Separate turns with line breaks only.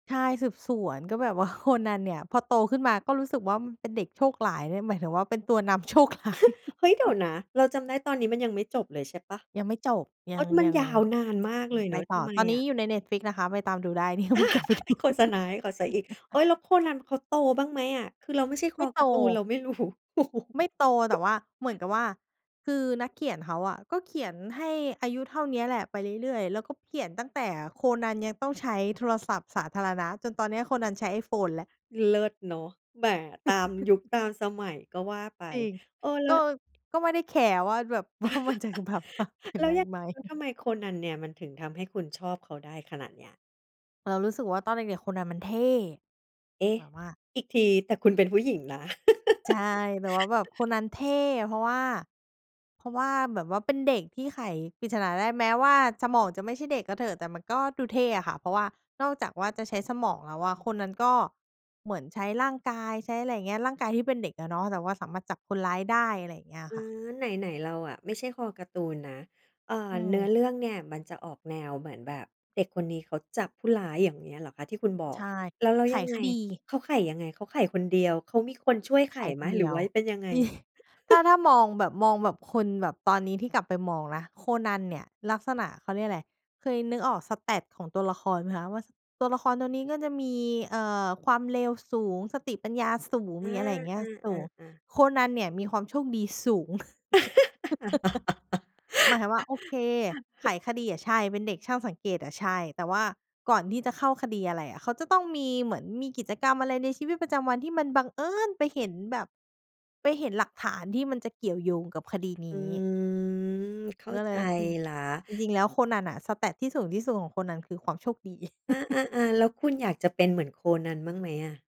ใช่ สืบสวน ก็แบบว่าโคนันเนี่ย พอโตขึ้นมาก็รู้สึกว่ามันเป็นเด็กโชคร้ายนะ หมายถึงว่าเป็นตัวนำโชค ร้าย
เฮ้ย เดี๋ยวนะ เราจำได้ตอนนี้มันยังไม่จบเลยใช่เปล่า?
ยังไม่จบ ย
อ
ั
๋อ
ง
มัน
ยัง
ยาวนานมาก
อื
เล
อ
ย
ไ
เ
ป
นาะ
ต
ท
่อ
ำไม
ตอนน
อ
ี้
ะ?
อยู่ใน Netflix นะคะ ไปตามดูได้ เดี๋ยววนกลับไปดู
โฆษณาให้เขาเสียอีก โอ๊ย แล้วโคนันเขาโตบ้างไหมอะ? คือเราไม่ใช่ค
ไม่
อ
โต
การ์ตูนเราไม่ รู้
ไม่โต แต่ว่าเหมือนกับว่า คือนักเขียนเขาอะก็เขียนให้อายุเท่านี้แหละไปเรื่อย ๆ แล้วก็เขียนตั้งแต่โคนันยังต้องใช้โทรศัพท์สาธารณะ จนตอนนี้โคนันใช้ iPhone แล้ว
เลิศเนาะ แหม ตามยุคตามสมัยก็ว่าไป
จริง
เออ แล
ก
้
็
ว
ก็ไม่ได้แคร์ว่าแบบ ว่ามันจะแบบมาเปลี่ยน
แล้
ไป
วยังไง
ไหม
แล้วทำไมโคนันเนี่ย มันถึงทำให้คุณชอบเขาได้ขนาดเนี้ย?
เรารู้สึกว่าตอนเด็ก ๆ โคนันมันเท่
เอ๊ะ!
แบบว่า
อีกที แต่คุณเป็นผู้หญิงนะ?
ใช่ แบบว่าแบบโคนันเท่ เพราะว่า เพราะว่าแบบว่าเป็นเด็กที่ไขปริศนาได้ แม้ว่าสมองจะไม่ใช่เด็กก็เถอะ แต่มันก็ดูเท่อะค่ะ เพราะว่านอกจากว่าจะใช้สมองแล้วอะ โคนันก็เหมือนใช้ร่างกาย ใช้อะไรอย่างเงี้ย ร่างกายที่เป็นเด็กอะเนาะ แต่ว่าสามารถจับคนร้ายได้ อะไรอย่างเงี้ยอ
อ
ะ
ื
ค่ะ
อ ไหน ๆ เราอะไม่ใช่คอการ์ตูนนะ เอ่อ
อื
เนื้
ม
อเรื่องเนี่ยมันจะออกแนวเหมือนแบบเด็กคนนี้เขาจับผู้ร้าย อย่างเงี้ยเหรอคะ ที่คุณบอ
ใช
ก
่
แล้ว แล้ว
ไข
ยังไง?
คดี
เขาไขยังไง? เขาไขคนเดียว เขามีคนช่วย
ไ
ไข
ข
ไ
ค
หม
นเ
ห
ด
ร
ี
ือ
ย
ว
ว
่าเป็นยังไง?
จริง ถ้า ถ้ามองแบบ มองแบบคนแบบตอนนี้ที่กลับไปมองนะ โคนันเนี่ย ลักษณะเขาเรียกอะไร เคยนึกออก Stat ของตัวละครไหมคะ ว่า ส ตัวละครตัวนี้ก็จะมี เอ่อ ความเร็วสูง สติปัญญาสูง
อา
มีอะไรอย่างเงี้
อ
ยสูง
า ๆ ๆ
โคนันเนี่ยมีความโชคดีสูง หมายถึงว่า โอเค ไขคดีอะใช่ เป็นเด็กช่างสังเกตอะใช่ แต่ว่าก่อนที่จะเข้าคดีอะไรอะ เขาจะต้องมีเหมือน มีกิจกรรมอะไรในชีวิตประจำวันที่มันบังเอิญไปเห็นแบบ ไปเห็นหลักฐานที่มันจะเกี่ยวโยงกับคดีน
อ
ี
ื
้
ม เข้า
ก็เ
ใ
ล
จ
ย จริง
แล้ว
จริง ๆ แล้วโคนันอะ Stat ที่สูงที่สุดของโคนันคือความโชคดี
อา ๆ ๆ แล้วคุณอยากจะเป็นเหมือนโคนันบ้างไหมอะ?